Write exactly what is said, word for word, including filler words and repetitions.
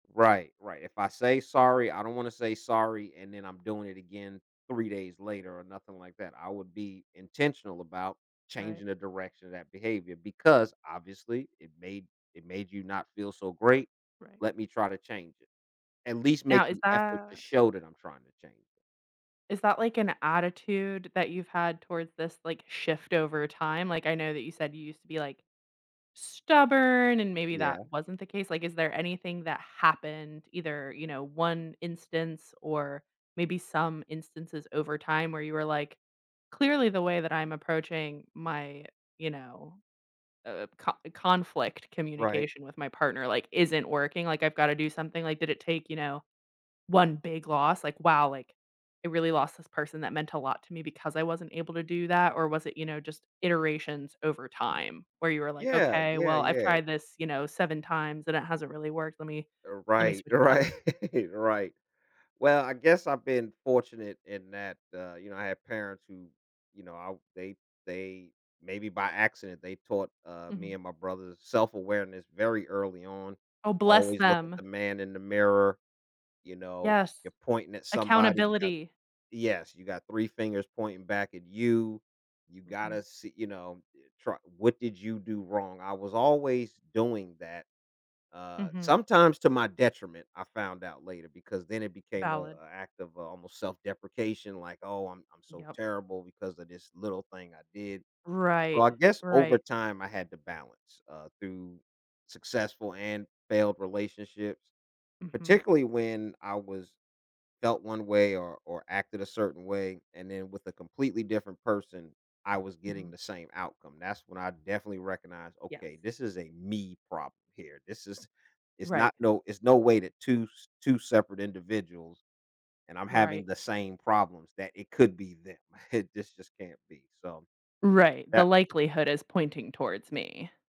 Right, right, if I say sorry, I don't wanna say sorry and then I'm doing it again three days later or nothing like that, I would be intentional about Right. changing the direction of that behavior because obviously, "It made it made you not feel so great, Right. let me try to change it." At least Now, make is the effort to that show that I'm trying to change it. is that, like, an attitude that you've had towards this, like, shift over time? Like, I know that you said you used to be, like, stubborn and maybe that Yeah. wasn't the case, like, is there anything that happened either, you know, one instance or maybe some instances over time where you were like, "Clearly the way that I'm approaching my" you know, uh uh, "co conflict Right. communication with my partner, like, isn't working, like, I've gotta do something." Like, did it take, you know, one big loss? Like, "Wow, like, I really lost this person that meant a lot to me because I wasn't able to do that," or was it, you know, just iterations over time where you were like, Yeah, "Okay, yeah, well, I've yeah. tried this, you know, seven times and it hasn't really worked, let me R let me right, switch it up." right, right. Well, I guess I've been fortunate in that, uh, you know, I had parents who, you know, I they they maybe by accident, they taught, uh, me Mhm. and my brothers self-awareness very early on, Oh, bless "Always look at them. the man in the mirror," you know, Yes. "You're pointing at somebody, you got" Accountability. Yes, "you got three fingers pointing back at you. You Mhm. gotta see" you know, eh, "Try what did you do wrong?" I was always doing that, uh, Mhm. sometimes to my detriment, I found out later, because then it became a Valid. a act of, uh, almost self-deprecation, like, "Oh, I'm I'm so Yep. terrible because of this little thing I did." So Right, I guess over right. time I had to balance, uh, through successful and failed relationships, Mhm. particularly when I was felt one way or or acted a certain way, and then with a completely different person, I was getting Mhm. the same outcome, that's when I definitely recognized, Yes. "Okay, this is a me problem here, this is it's Right. not no it's no way that two s two separate individuals and I'm having Right. the same problems, that it could be them." It just just can't be, so, Right, the that likelihood is pointing towards me.